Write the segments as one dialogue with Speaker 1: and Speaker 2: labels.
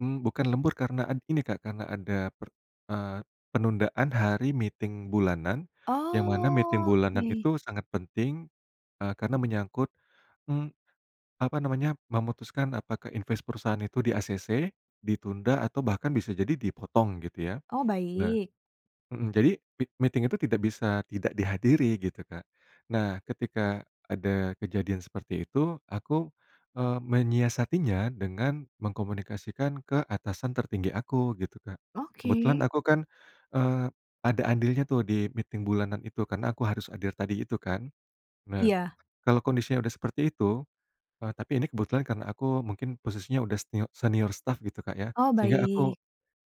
Speaker 1: Mmm, bukan lembur karena en ini Kak, karena ada per eee, penundaan hari meeting bulanan, yang mana meeting bulanan
Speaker 2: Oke.
Speaker 1: itu sangat penting, eee, karena menyangkut, mmm, apa namanya, memutuskan apakah inves perusahaan itu di-ACC, ditunda, atau bahkan bisa jadi dipotong gitu, ya.
Speaker 2: Oh,
Speaker 1: Nah
Speaker 2: baik.
Speaker 1: mhm jadi m meeting itu tidak bisa tidak dihadiri gitu Kak. Nah, ketika ada kejadian seperti itu aku, eee, menyiasatinya dengan mengkomunikasikan ke atasan tertinggi aku gitu, Kak. Kebetulan
Speaker 2: Oke.
Speaker 1: aku kan, eee, ada andilnya tuh di meeting bulanan itu. Karena aku harus hadir tadi itu kan. Nah,
Speaker 2: Iya.
Speaker 1: kalau kondisinya udah seperti itu eee, tapi ini kebetulan karena aku mungkin posisinya udah senio senior staff gitu Kak ya,
Speaker 2: Oh,
Speaker 1: sehingga aku
Speaker 2: baik.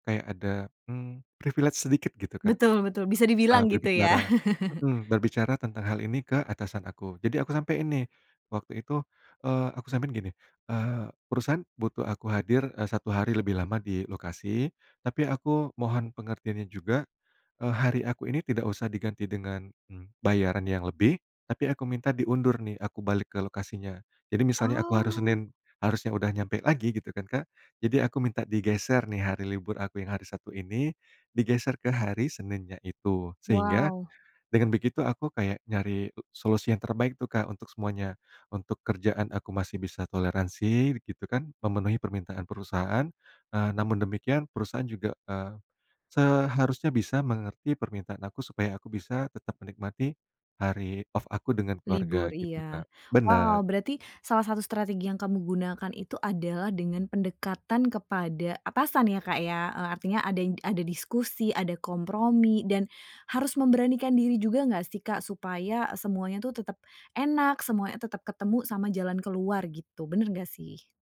Speaker 1: kayak ada, mmm, privilege sedikit gitu Kak,
Speaker 2: Betul betul, bisa
Speaker 1: eee,
Speaker 2: dibilang gitu ya?
Speaker 1: berbicara mhm, berbicara tentang hal ini ke atasan aku. Jadi aku sampaiin nih, waktu itu, eee, aku sampaikan gini, eee, "Perusahaan butuh aku hadir, eee, 1 hari lebih lama di lokasi, tapi aku mohon pengertiannya juga, eee, hari aku ini tidak usah diganti dengan, mmm, bayaran yang lebih, tapi aku minta diundur nih, aku balik ke lokasinya." Jadi misalnya, aku harus
Speaker 2: Oh.
Speaker 1: Senin harusnya udah nyampe lagi gitu kan Kak, jadi aku minta digeser nih hari libur aku yang hari Sabtu ini digeser ke hari Seninnya itu. Sehingga
Speaker 2: Wow.
Speaker 1: dengan begitu, aku kayak nyari solusi yang terbaik tuh Kak untuk semuanya, untuk kerjaan aku masih bisa toleransi begitu kan, memenuhi permintaan perusahaan, eee, namun demikian perusahaan juga, eee, seharusnya bisa mengerti permintaan aku supaya aku bisa tetap menikmati hari off aku dengan
Speaker 2: Libur.
Speaker 1: keluarga gitu
Speaker 2: Iya.
Speaker 1: Kak. Benar.
Speaker 2: Wow, berarti salah satu strategi yang kamu gunakan itu adalah dengan pendekatan kepada atasan ya Kak ya. Eee, artinya ada id ada diskusi, ada kompromi, dan harus memberanikan diri juga gak sih Kak, supaya semuanya tuh tetap enak, semuanya tetap ketemu sama jalan keluar gitu, benar gak sih?